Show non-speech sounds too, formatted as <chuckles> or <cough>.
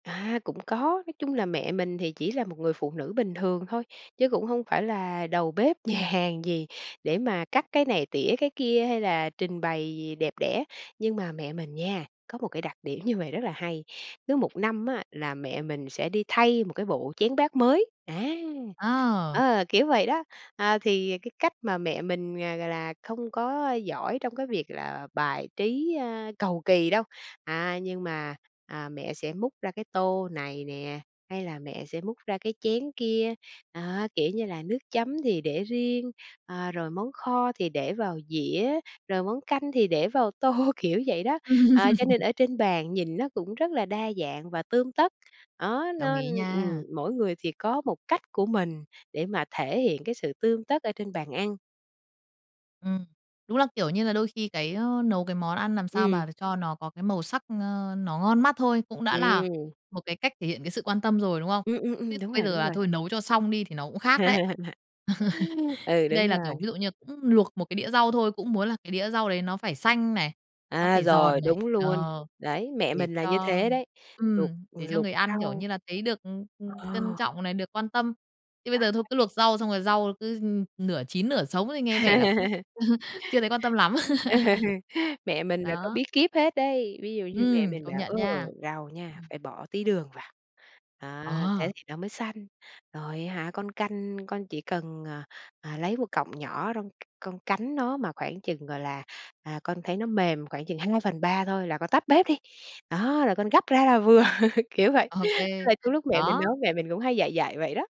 À, cũng có. Nói chung là mẹ mình thì chỉ là một người phụ nữ bình thường thôi, chứ cũng hông phải là đầu bếp nhà hàng gì để mà cắt cái này, tỉa cái kia hay là trình bày gì đẹp đẽ. Nhưng mà mẹ mình nha, có một cái đặc điểm như vậy rất là hay, cứ 1 năm á, là mẹ mình sẽ đi thay một cái bộ chén bát mới á. À. Ờ, kiểu vậy đó. À, thì cái cách mà mẹ mình, à, gọi là, không có giỏi trong cái việc là bài trí, a, cầu kỳ đâu. À, nhưng mà, à, mẹ sẽ múc ra cái tô này nè, hay là mẹ sẽ múc ra cái chén kia. À, kiểu như là nước chấm thì để riêng, à, rồi món kho thì để vào dĩa, rồi món canh thì để vào tô, kiểu vậy đó. À, cho nên <laughs> ở trên bàn nhìn nó cũng rất là đa dạng và tươm tất, đó, Đồng nó, ý ưm nha. ừm, mỗi người thì có một cách của mình để mà thể hiện cái sự tươm tất ở trên bàn ăn. Ừm, đúng là, kiểu như là, đôi khi cái, ơ, nấu cái món ăn làm sao Ừm. mà cho nó có cái màu sắc, ờ, nó ngon mắt thôi, cũng đã là Ừm. một cái cách thể hiện cái sự quan tâm rồi, đúng không? Ừm, ừm, Chứ ừm, đúng bây rồi, giờ đúng là, rồi. thôi nấu cho xong đi, thì nó cũng khác đấy. <laughs> <laughs> Ừ, Đây đúng là, kiểu, rồi. ví dụ như cũng luộc một cái đĩa rau thôi. Cũng muốn là cái đĩa rau đấy nó phải xanh này, nó À, phải giòn rồi, này, đúng luôn. ờ, Đấy, mẹ để mình là như cho thế đấy. Luộc, ừm, ừm, để cho luộc người ăn, kiểu rau như là, thấy được, ừm, ừm, trân Ờ. trọng này, được quan tâm. Chứ Phải bây giờ thôi đó cứ bạn. luộc rau xong rồi rau cứ, ừm, nửa chín nửa sống thì nghe vẻ là cũng <laughs> <chuckles> chưa thấy quan tâm lắm. Mẹ <laughs> mình là có Đó. bí kíp hết đấy. Ví dụ như mẹ Ừm, mình công bảo: nhận "Ơ, nha. rau nha, Ừm. phải bỏ tí đường vào, đó, Ờ. thế thì nó mới xanh. Rồi á hả, con canh, con chỉ cần, ờ, ờ, lấy một cọng nhỏ rong c con cắn nó, mà khoảng chừng, gọi là, à, con thấy nó mềm khoảng chừng 2/3 thôi là con tắt bếp đi. Đó là con gắp ra là vừa." <laughs> Kiểu vậy, OK, tức là trong lúc mẹ mình đó. nấu, mẹ mình cũng hay dạy dạy vậy đó.